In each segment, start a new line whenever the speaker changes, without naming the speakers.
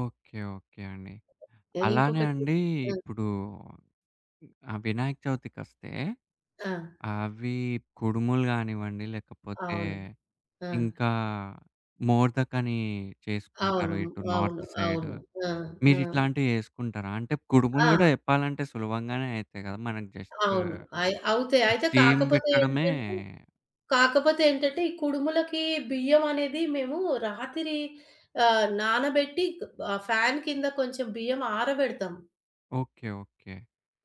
Okay. Okay అండి.
ఎ
అలానే
ఇంకొకటి
అండి
ఆ!
ఇప్పుడు ఆహ్, వినాయక చవితికస్తే
ఆ!
అవి కుడుములు గానివ్వండి, లేకపోతే
అవును. ఆ!
ఇంకా మోర్దక్ అని చేసుకుంటారు
అవును.
ఇటు
అవును.
North side.
అవును. ఆ!
మీరు
ఆ!
ఇట్లాంటివి చేసుకుంటారా? అంటే కుడుములు
ఆ!
గూడా చెప్పాలంటే సులభంగానే అయితాయి గదా! మనకి జస్ట్
అవును. అయి అవుతే అయితే
స్టీమ్
కాకపోతే
బెట్టడమే
ఏంటంటే కాకపోతే ఏంటంటే, ఈ కుడుములకి బియ్యం అనేది మేము రాతిరి ఆహ్, నానబెట్టి ఆహ్, ఫాన్ కింద కొంచెం బియ్యం ఆరబెడతాం.
ఓకే. ఓకే.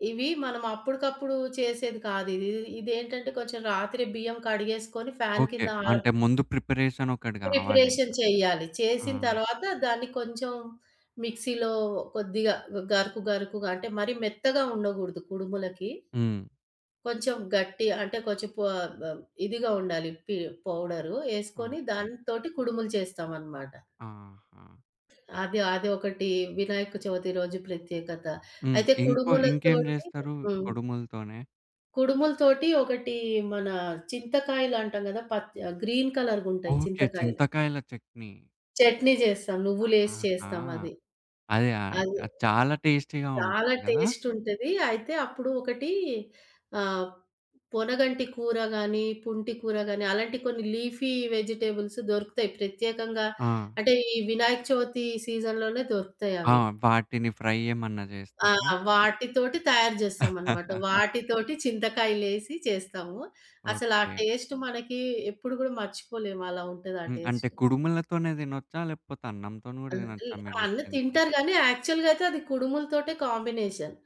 ఇవి మనం అప్పుడుకప్పుడు చేసేది కాదు. ఇది ఇదేంటంటే కొంచెం రాత్రి బియ్యం కడిగేసుకొని ఫ్యాన్
ఓకే.
కింద ఆ
అంటే ముందు ప్రిపరేషన్ ఒకటి గావాలింక.
ప్రిపరేషన్ చెయ్యాలి.
ఆ!
చేసిన తర్వాత దాన్ని కొంచెం మిక్సీలో కొద్దిగా గరుకు, గరుకుగా అంటే మరీ మెత్తగా ఉండగూడదు కుడుములకి.
హ్మ్.
కొంచెం గట్టిగా అంటే కొంచెం పొ ఆహ్, ఇదిగా ఉండాలి పి పౌడరు. ఏసుకొని
ఓకే.
దాంతోటి కుడుములు చేస్తామనమాట.
ఆహా!
అది అదొకటి. వినాయక చవితి రోజు ప్రత్యేకత.
హ్మ్.
అయితే
ఇంకో ఇంకేం
కుడుములతోటి
జేస్తారు
హ్మ్.
కొడుములతోనే?
కుడుముల తోటి ఒకటి మన చింతకాయలంటాం గదా! పచ్చ ఆహ్, గ్రీన్ కలర్‌గుంటాయి
ఓకే.
చింతకాయలు.
చింతకాయల చట్నీ.
చట్నీ జేస్తాం. నువ్వులేసి
ఆహాహా!
చేస్తాం అది.
అదే. ఆహ్,
అది
చాలా టేస్టీగా
చాలా
ఉంటది గదా!
టేస్ట్ ఉంటది. అయితే అప్పుడు ఒకటి ఆహ్, పొనగంటి కూర గానీ, పుంటి కూర గానీ అలాంటి కొన్ని లీఫీ వెజిటబుల్స్ దొరుకుతాయి. ప్రత్యేకంగా
ఆ!
అంటే ఈ వినాయక చవితి సీజన్‌లోనే దొరుకుతయి
ఆ!
అవి.
వాటిని ఫ్రై ఏమన్నా
ఆ!
జేస్తేరా?
వాటితోటి తయారు జేస్తామన్నమాట. వాటితోటి చింతకాయలేసి చేస్తాము. అసల ఆ
ఓకే.
టేస్ట్ మనకి ఎప్పుడు గూడా మర్చిపోలేము. అలా ఉంటది ఆ
హ్మ్. అంటే
టేస్ట్.
కుడుములతోనే దినొచ్చా? లేకపోతే అన్నంతోని
ఆ!
గూడా
అల్
దినొచ్చా మీరు
అన్ని
జెప్పింది?
తింటారు గానీ యాక్చువల్‌గా అయితే అది కుడుములతోటే కాంబినేషన్.